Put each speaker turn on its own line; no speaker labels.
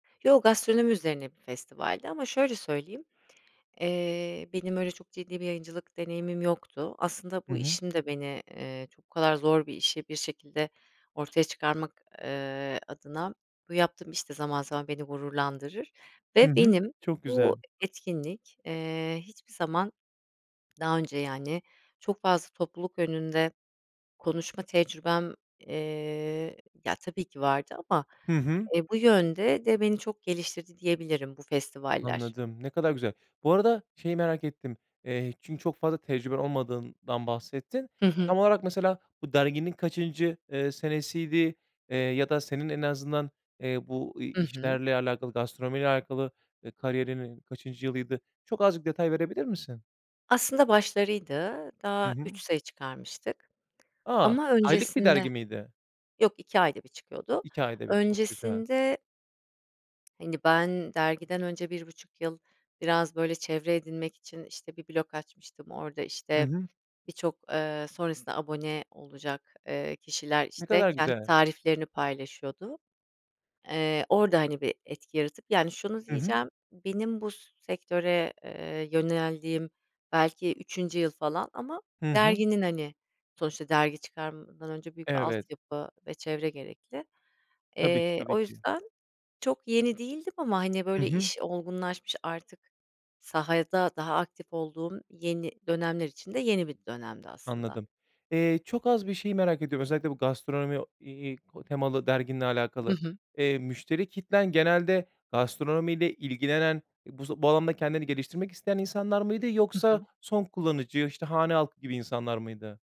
Yo, gastronomi üzerine bir festivaldi, ama şöyle söyleyeyim, eee, benim, öyle çok ciddi bir yayıncılık deneyimim yoktu. Aslında,
Hı
bu
hı.
işim de, beni, eee, çok bu kadar zor bir işi, bir şekilde ortaya çıkarmak, eee, adına, bu yaptığım iş de, zaman, zaman, beni gururlandırır,
Hı
ve
hı.
benim,
Çok
bu
güzel.
etkinlik, eee, hiçbir zaman, daha önce, yani, çok fazla, topluluk önünde konuşma tecrübem, eee ya tabii ki vardı, ama,
Hı hı.
e, bu yönde de, beni çok geliştirdi diyebilirim bu festivaller.
Anladım, ne kadar güzel. Bu arada, şeyi merak ettim. Eee, çünkü, çok fazla tecrüben olmadığından bahsettin.
Hı hı.
Tam olarak, mesela, bu derginin kaçıncı, eee, senesiydi, eee, ya da, senin, en azından, eee, bu i
Hı hı.
işlerle alakalı, gastronomiyle alakalı, e, kariyerinin kaçıncı yılıydı? Çok, azıcık detay verebilir misin?
Aslında başlarıydı.
Hı
Daha 3
hı.
sayı çıkarmıştık
A,
ama
aylık bir
öncesinde
dergi miydi?
yok 2 ayda 1 çıkıyordu,
2 ayda 1. Çok güzel.
öncesinde Hani, ben dergiden önce, bir 1,5 yıl, biraz, böyle, çevre edinmek için, işte, bir blog açmıştım, orada,
Hı
işte,
hı.
birçok, eee, sonrasında abone olacak, eee, kişiler,
Ne
işte,
kadar
kendi
güzel.
tariflerini paylaşıyordu. Eee, orada hani bir etki yaratıp yani, şunu
Hı hı.
diyeceğim, benim bu sektöre, eee, yöneldiğim belki 3. yıl falan, ama
Hı hı.
derginin, hani, sonuçta, dergi çıkarmadan önce, büyük bir
Evet.
altyapı ve çevre gerekli.
Tabii ki,
Eee,
tabii
o
ki.
yüzden, çok yeni değildim ama, hani,
Hı
böyle,
hı.
iş olgunlaşmış, artık sahada daha aktif olduğum, yeni dönemler için de yeni bir dönemdi aslında.
Anladım. Eee, çok az, bir şeyi merak ediyorum, özellikle bu gastronomi, iii, temalı derginle
Hı
alakalı.
hı.
Eee, müşteri kitlen genelde gastronomiyle ilgilenen, bu, z bu alanda kendini geliştirmek isteyen insanlar mıydı,
Hı
yoksa
hı.
son kullanıcı, işte, hane halkı gibi insanlar mıydı?